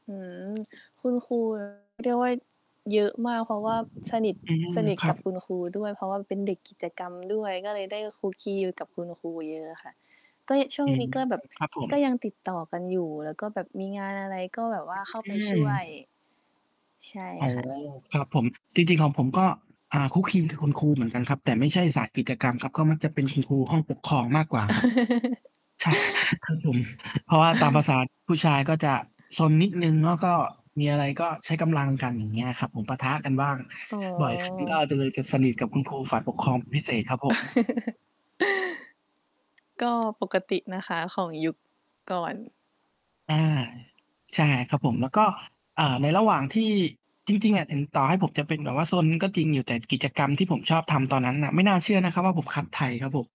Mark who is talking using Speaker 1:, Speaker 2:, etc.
Speaker 1: อืม คุณครู เรียกว่า เยอะมากเพราะว่าสนิท
Speaker 2: อืม
Speaker 1: สนิท
Speaker 2: คร
Speaker 1: ก
Speaker 2: ั
Speaker 1: ับ
Speaker 2: บ
Speaker 1: คุณครูด้วย เพราะว่าเป็นเด็กกิจกรรมด้วย ก็เลยได้ คลุกคลี อยู่กับคุณครูเยอะอะค่ะ ก็ ช่ว
Speaker 2: อ
Speaker 1: ง
Speaker 2: ื
Speaker 1: น
Speaker 2: ม
Speaker 1: ี้ก็แบบ
Speaker 2: ครับผ
Speaker 1: ก็ยั
Speaker 2: ม
Speaker 1: งติดต่อกันอยู่ แล้วก็แบบมีงานอะไรก็ แบบว่า เข้า
Speaker 2: อ
Speaker 1: ไป
Speaker 2: ื
Speaker 1: ช่วย
Speaker 2: ม
Speaker 1: ใช่
Speaker 2: อ๋อ
Speaker 1: ค่ะ
Speaker 2: ครับผม จริง ๆ ของผมก็ อ่า คลุกคลีกับคุณครูเหมือนกันครับ แต่ไม่ใช่สายกิจกรรมครับ ก็มักจะเป็นคุณครูห้องปกครองมากกว่าครับ ใช่ คือผม เพราะว่าตามภาษาผู้ชายก็จะซนนิดหนึ่งเนาะ ก็ มีอะไรก็ใช้กำลังกัน อย่างเงี้ยครับผม ปะทะกันบ้าง
Speaker 1: อ๋อ
Speaker 2: บ่อยครั้งก็จะ เลยจะสนิทกับคุณครูฝ่ายปกครอง เป็น พิเศษครับผม
Speaker 1: ก็ปกตินะคะ ของยุค ก่อน
Speaker 2: อา ใช่ครับผม แล้วก็ อ่า ในระหว่างที่ จริง ๆ อะถึง ต่อให้ผมจะเป็นแบบว่าซนก็จริงอยู่แต่กิจกรรมที่ผมชอบทำตอนนั้นน่ะ ไม่น่าเชื่อนะครับว่า ผมคัดไทยครับผม